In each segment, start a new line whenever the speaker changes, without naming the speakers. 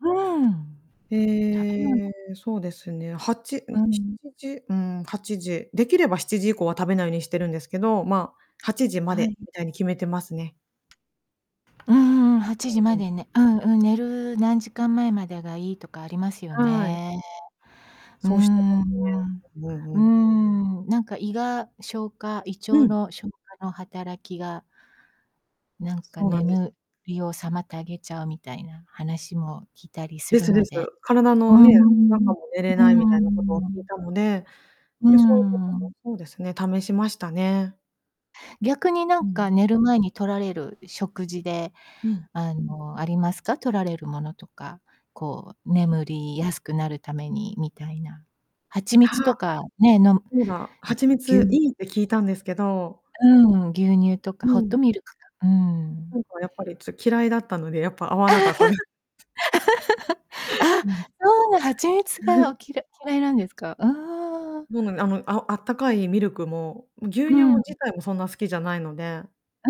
うん。食べ物。
ええ、そうですね、8ん、
う
し
ん。
ちじ、うーん、8時、できれば7時以降は食べないようにしてるんですけど、ま、8時ま
はい。
でみたいに決めてますね。
うんうんうん、はち
は
じま
い、うん。
でね、うんうん、寝る何時間前までがいいとかありますよ
はい。
ね。うー
そうしてま
ん。
すね。うんう
うー
ん。
ん、なんか胃が消化胃
う
腸
ん。
の消化の働きがなん
か
か
そうなんです。
眠りを妨げちゃうみたいな話も聞いたりす
で
る
す
の
です、
で、
体
うー
のね、
ん。う
中も寝れないみ
ー
たいなことを聞い
ん。
たので、
うー
で、そういうことも
ん。
そうですね、試しましたね。
逆にな
う
ん
ん。
か寝る前に取られる食事で、
うん。
あの、ありますか？取られるものとか、こう
うん。
眠りやすくなるためにみたいな。蜂蜜と
は、
かね、飲むうん、
え、そうだ、蜂
ぎゅ
蜜
う
いいって聞いたんですけど。
うん、牛乳とか
う
ホッ
ん。
トミルクか、うーん。
なんかやっぱり、つ嫌いだったので、やっぱ合わなかったで
あ、
うん。
そう、蜂蜜がお 嫌嫌いなんですか？ああ。
もう、なんあの、あおあったかいミルクも、牛
う
乳
んう
も
ん。
自体もそんな好きじゃないので
う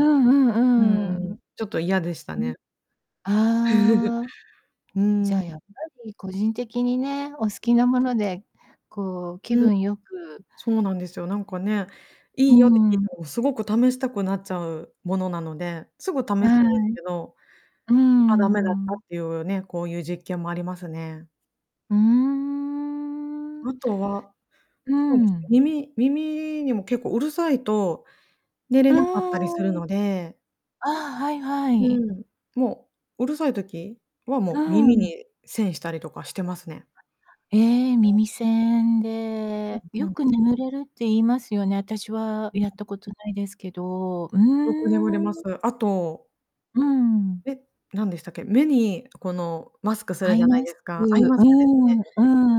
うん
んうん、うー
うん、
ん。
ちょっと嫌でした
うん。
ね。
ああ。
う
じゃ
ん、
あ、
ううん。
やっぱり個人的にね、お好
うん。
きなもので、こう、気
うん。
分良く
そうなんですよ。なんかね、
うー
いいよって聞
ん、
い
うん。
たら、おすごく試したくなっちゃうものなので、すぐ試すんです
はい。
けど。
うー
あ、ダメだったっ
ん。
ていうね、こういう実験もありますね。
うーん。
あとは、
う
そうです
ん。
ね、耳耳にも結構うるさいと寝れ
あ
なかったりするので。
あ。ああ、はいは
う
い。
ん、もう、うるさい時はも
う
う耳
ん。
に栓したりとかしてますね。
え、耳栓
うん、
で、
ふ
よ
ん。
く眠れるって言いますよね。私は
うん。
やったことないですけど。うー
よく眠れま
ん。
す。あと
うん。
え、なんでしたっけ？目にこのマスクす
ア
るじ
イ
ゃない
マ
で
ス
す
ク、
か。ア
う
イマ
ー
スクです
ん
ね。
う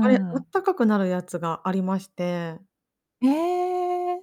あれ、あ
ん。
ったかくなるやつがありまして。
へえ。